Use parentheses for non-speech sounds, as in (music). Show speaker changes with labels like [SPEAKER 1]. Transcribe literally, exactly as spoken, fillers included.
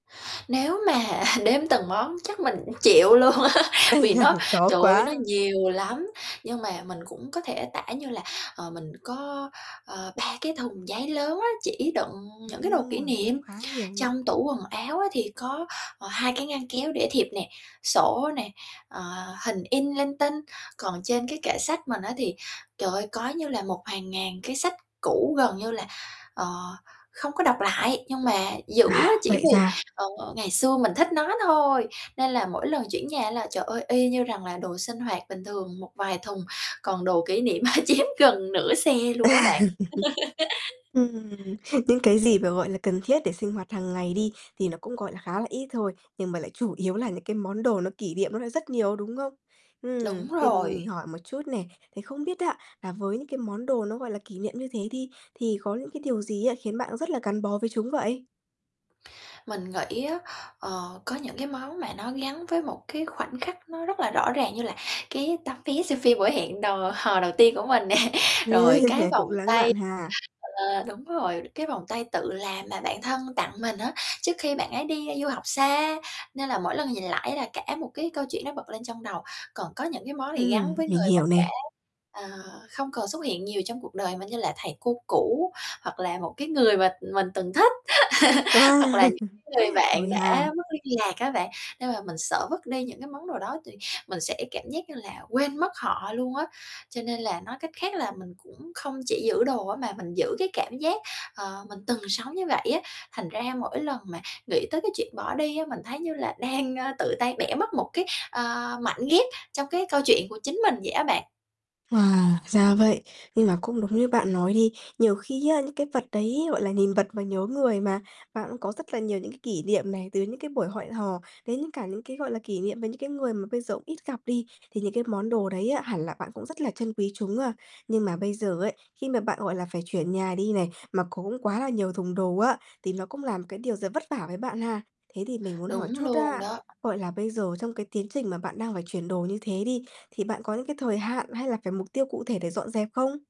[SPEAKER 1] Nếu mà (chuckles) đếm từng món chắc mình cũng chịu luôn á, vì nó,
[SPEAKER 2] (chuckles) Khó
[SPEAKER 1] trời ơi, nó
[SPEAKER 2] quá.
[SPEAKER 1] nhiều lắm. Nhưng mà mình cũng có thể tả như là, ờ, mình có, ờ, ba cái thùng giấy lớn á, chỉ đựng những cái đồ kỷ
[SPEAKER 2] Yeah, cũng
[SPEAKER 1] niệm.
[SPEAKER 2] khá nhiều nhỉ?
[SPEAKER 1] Trong tủ quần áo á thì có, ờ, hai cái ngăn kéo để thiệp nè, sổ nè, ờ, hình in linh tinh. Còn trên cái kệ sách mình á thì, trời ơi, có như là một hàng ngàn cái sách cũ gần như là, ờ, không có đọc lại, nhưng mà giữ á,
[SPEAKER 2] À,
[SPEAKER 1] chỉ
[SPEAKER 2] vậy
[SPEAKER 1] vì,
[SPEAKER 2] ra.
[SPEAKER 1] ờ, ngày xưa mình thích nó thôi. Nên là mỗi lần chuyển nhà là, trời ơi, y như rằng là đồ sinh hoạt bình thường một vài thùng, còn đồ kỷ niệm, ơ, chiếm gần nửa xe luôn á bạn.
[SPEAKER 2] (laughs)
[SPEAKER 1] (laughs)
[SPEAKER 2] Ừm, những cái gì mà gọi là cần thiết để sinh hoạt hàng ngày đi thì nó cũng gọi là khá là ít thôi. Nhưng mà lại chủ yếu là những cái món đồ nó kỷ niệm nó lại rất nhiều, đúng không? Ừm,
[SPEAKER 1] Đúng
[SPEAKER 2] thì
[SPEAKER 1] rồi.
[SPEAKER 2] mình hỏi một chút nè, thì không biết á, là với những cái món đồ nó gọi là kỷ niệm như thế đi thì có những cái điều gì á khiến bạn rất là gắn bó với chúng vậy?
[SPEAKER 1] Mình nghĩ á, ờ, có những cái món mà nó gắn với một cái khoảnh khắc nó rất là rõ ràng như là cái tấm vé xem phim buổi hẹn đò hò đầu tiên của mình nè. Rồi cái
[SPEAKER 2] (chuckles)
[SPEAKER 1] vòng
[SPEAKER 2] Cũng lãng
[SPEAKER 1] tay
[SPEAKER 2] mạn ha.
[SPEAKER 1] ờ, đúng rồi, cái vòng tay tự làm mà bạn thân tặng mình á, trước khi bạn ấy đi du học xa. Nên là mỗi lần nhìn lại là cả một cái câu chuyện nó bật lên trong đầu. Còn có những cái món gì gắn
[SPEAKER 2] Ừm,
[SPEAKER 1] với
[SPEAKER 2] mình
[SPEAKER 1] người mà
[SPEAKER 2] hiểu
[SPEAKER 1] đã,
[SPEAKER 2] nè.
[SPEAKER 1] ờ, không còn xuất hiện nhiều trong cuộc đời mà như là thầy cô cũ, hoặc là một cái người mà mình từng thích. (laughs) Hoặc
[SPEAKER 2] À,
[SPEAKER 1] là những
[SPEAKER 2] (chuckles)
[SPEAKER 1] cái người bạn
[SPEAKER 2] rồi ha.
[SPEAKER 1] đã mất liên lạc á bạn nên là mình sợ vứt đi những cái món đồ đó thì mình sẽ cảm giác như là quên mất họ luôn á. Cho nên là, nói cách khác là, mình cũng không chỉ giữ đồ á, mà mình giữ cái cảm giác, ờ, mình từng sống như vậy á. Thành ra mỗi lần mà nghĩ tới cái chuyện bỏ đi á, mình thấy như là đang, ờ, tự tay bẻ mất một cái, ờ, mảnh ghép trong cái câu chuyện của chính mình vậy á bạn.
[SPEAKER 2] Wow, ra vậy. Nhưng mà cũng đúng như bạn nói đi, nhiều khi á, những cái vật đấy gọi là nhìn vật mà nhớ người mà, bạn cũng có rất là nhiều những cái kỷ niệm này, từ những cái buổi hoẹn hò đến những cả những cái gọi là kỷ niệm với những cái người mà bây giờ ít gặp đi, thì những cái món đồ đấy á hẳn là bạn cũng rất là trân quý chúng a. Nhưng mà bây giờ ấy, khi mà bạn gọi là phải chuyển nhà đi này, mà cũng quá là nhiều thùng đồ á, thì nó cũng là một cái điều giờ vất vả với bạn ha. Thế thì mình muốn hỏi
[SPEAKER 1] Đúng
[SPEAKER 2] chút
[SPEAKER 1] luôn
[SPEAKER 2] á,
[SPEAKER 1] đó.
[SPEAKER 2] gọi là bây giờ trong cái tiến trình mà bạn đang phải chuyển đồ như thế đi, thì bạn có những cái thời hạn, hay là phải mục tiêu cụ thể để dọn dẹp không?